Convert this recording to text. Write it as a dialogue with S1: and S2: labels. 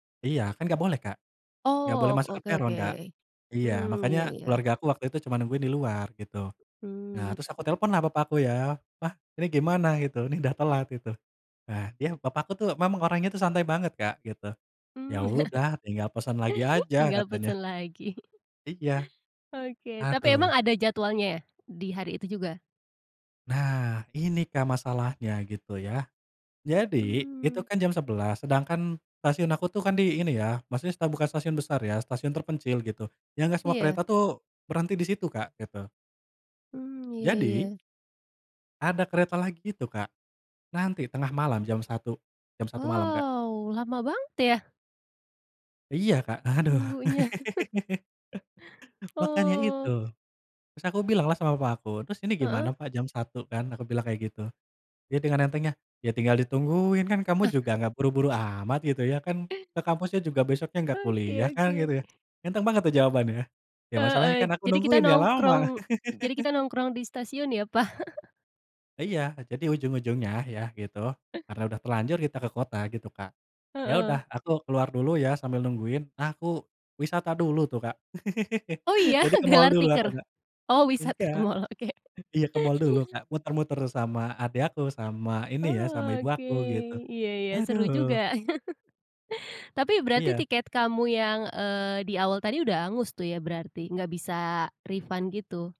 S1: Iya, kan nggak boleh, Kak. Nggak boleh
S2: Oh, ok
S1: masuk ke
S2: oke
S1: peron, Kak.
S2: oke.
S1: Iya.
S2: Mmm,
S1: Makanya,
S2: iya iya.
S1: keluargaku waktu itu cuman nungguin di luar, gitu. Nah,
S2: Mmm.
S1: terus aku teleponlah bapakku, ya, "Pa, ini gimana?" gitu, "Ini dah telat," gitu. Nah, yah, papaku tuh, memang orangnya tuh santai banget Kak, gitu. "Ya
S2: Mmm.
S1: udah, tinggal pesan lagi aja,"
S2: Tinggal
S1: katanya.
S2: pesan lagi.
S1: Iya.
S2: Oke. Tapi emang
S1: Aduh.
S2: ada jadwalnya ya, di hari itu juga?
S1: Nah, ini Kak, masalahnya, gitu ya. Jadi, itu
S2: Mmm.
S1: kan jam 11.00. Sedangkan stasiun aku tuh kan di ini ya, maksudnya sta bukan stasiun besar ya, stasiun terpencil, gitu. Yang nggak semua
S2: Iya.
S1: kereta tuh, berhenti di situ, Kak, gitu.
S2: Mmm, iya
S1: Jadi
S2: iya.
S1: ada kereta lagi itu, Kak, nanti tengah malam jam 01.00. Jam 01.00 malam, Kak.
S2: Wow, lama banget, ya.
S1: Iya, Kak, aduh.
S2: Nunggunya.
S1: Makanya itu.
S2: Oh.
S1: Terus aku bilanglah sama papa aku. "Terus ini gimana
S2: Heeh.
S1: Pa, jam 01.00, kan," aku bilang kayak gitu. Dia dengan entengnya, "Ya tinggal ditungguin. Kan kamu juga nggak buru-buru amat," gitu ya, "Kan, ke kampusnya juga besoknya nggak kuliah,
S2: Oke
S1: kan?"
S2: oke.
S1: gitu ya. Enteng banget tuh, jawabannya. Ya masalahnya
S2: Heeh.
S1: kan aku
S2: Jadi kita
S1: nungguin ya, lama.
S2: nongkrong jadi kita nongkrong di stasiun, ya, Pa.
S1: Iya. Jadi, ujung-ujungnya, ya, gitu, karena udah terlanjur kita ke kota, gitu, Kak, ya udah,
S2: Heeh.
S1: aku keluar dulu ya, sambil nungguin. Nah, aku wisata dulu tuh, Kak.
S2: Oh, iya?
S1: Jadi ke mall
S2: gelar
S1: dulu, aku,
S2: tikar?
S1: Kak.
S2: Oh, wisata ke
S1: Enggak.
S2: mall, oke.
S1: Iya, ke mall dulu, Kak. Muter-muter sama adik aku, sama ini ya, sama
S2: Oh,
S1: ibu
S2: oke.
S1: aku, gitu.
S2: Iya ya, seru juga.
S1: Aduh.
S2: Tapi, berarti
S1: Iya.
S2: tiket kamu yang, eee, di awal tadi udah angus tuh, ya, berarti? Nggak bisa refund gitu?